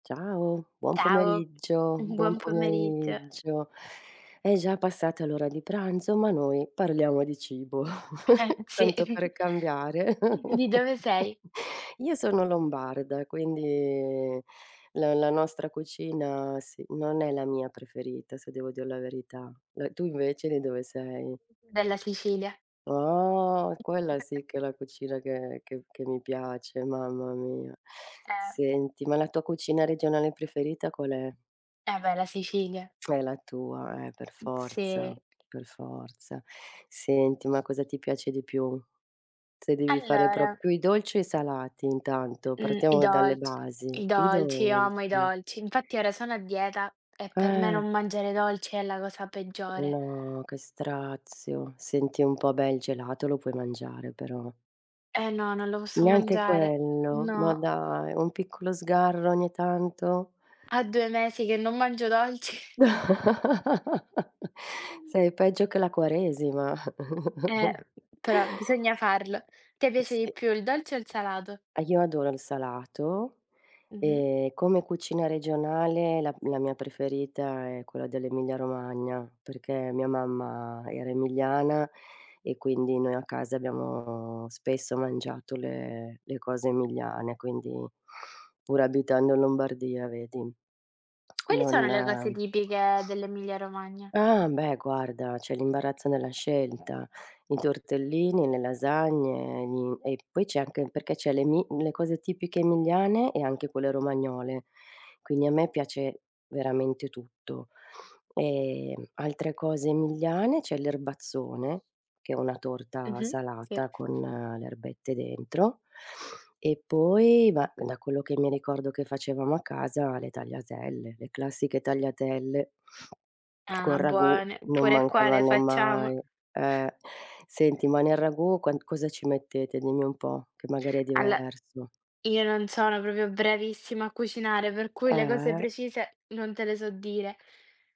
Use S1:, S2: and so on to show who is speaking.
S1: Ciao, buon
S2: Ciao,
S1: pomeriggio,
S2: mhmm,
S1: buon
S2: buon pomeriggio.
S1: pomeriggio. È già passata l'ora di pranzo, ma noi parliamo di cibo
S2: Ehm, sì.
S1: tanto per cambiare.
S2: Di dove sei?
S1: Io sono lombarda quindi la la nostra cucina sì, non è la mia preferita se devo dir la verità. Eh, tu invece di dove sei?
S2: Della Sicilia.
S1: Oh, quella sì che è la cucina che che che mi piace, mamma mia.
S2: Eh.
S1: Senti, ma la tua cucina regionale preferita qual è?
S2: Eh, beh la Sicilia.
S1: È la tua, eh, per
S2: Uhm, sì.
S1: forza, per forza. Senti, ma cosa ti piace di più? Se devi fare prop
S2: Allora
S1: più i dolci o i salati intanto?
S2: Mh, i
S1: Partiamo
S2: dol
S1: dalle basi.
S2: i
S1: I
S2: dolci, io amo i
S1: dolci.
S2: dolci. Infatti ora sono a dieta e per me
S1: Eh.
S2: non mangiare dolci è la cosa peggiore.
S1: No, che strazio, senti un po', beh, il gelato, lo puoi mangiare però.
S2: Eh, no, non lo posso
S1: Neanche
S2: mangiare.
S1: quello, ma
S2: No.
S1: dai, un piccolo sgarro ogni tanto?
S2: A 2 mesi che non mangio dolci. Ehm.
S1: Sei peggio che la quaresima.
S2: Eh, però bisogna farlo. Te piace di
S1: Sì.
S2: più il dolce o il salato?
S1: Ah, io adoro il salato
S2: Mh-mh.
S1: e come cucina regionale la la mia preferita è quella dell'Emilia Romagna, perché mia mamma era emiliana e quindi noi a casa abbiamo spesso mangiato le le cose emiliane. Quindi pure abitando in Lombardia, vedi,
S2: Quali sono
S1: non
S2: le cose tipiche dell'Emilia Romagna?
S1: Ah, beh, guarda c'è l'imbarazzo nella scelta: i tortellini, le lasagne, gli e poi c'è anche perché c'è l'emi le cose tipiche emiliane e anche quelle romagnole, quindi a me piace veramente tutto. Ehm altre cose emiliane c'è l'erbazzone che è una torta
S2: Mh-mh. Sì.
S1: salata con, uhm, le erbette dentro e poi, ma da quello che mi ricordo che facevamo a casa, le tagliatelle. Le classiche tagliatelle col
S2: Ah,
S1: ragù
S2: buone,
S1: non
S2: pure qua le
S1: mancavano
S2: facciamo.
S1: mai, eh. Senti, ma nel ragù quan cosa ci mettete? Dimmi un po' che magari è
S2: Allo
S1: diverso.
S2: io non sono proprio bravissima a cucinare, per cui le cose
S1: Eh.
S2: precise non te le so dire.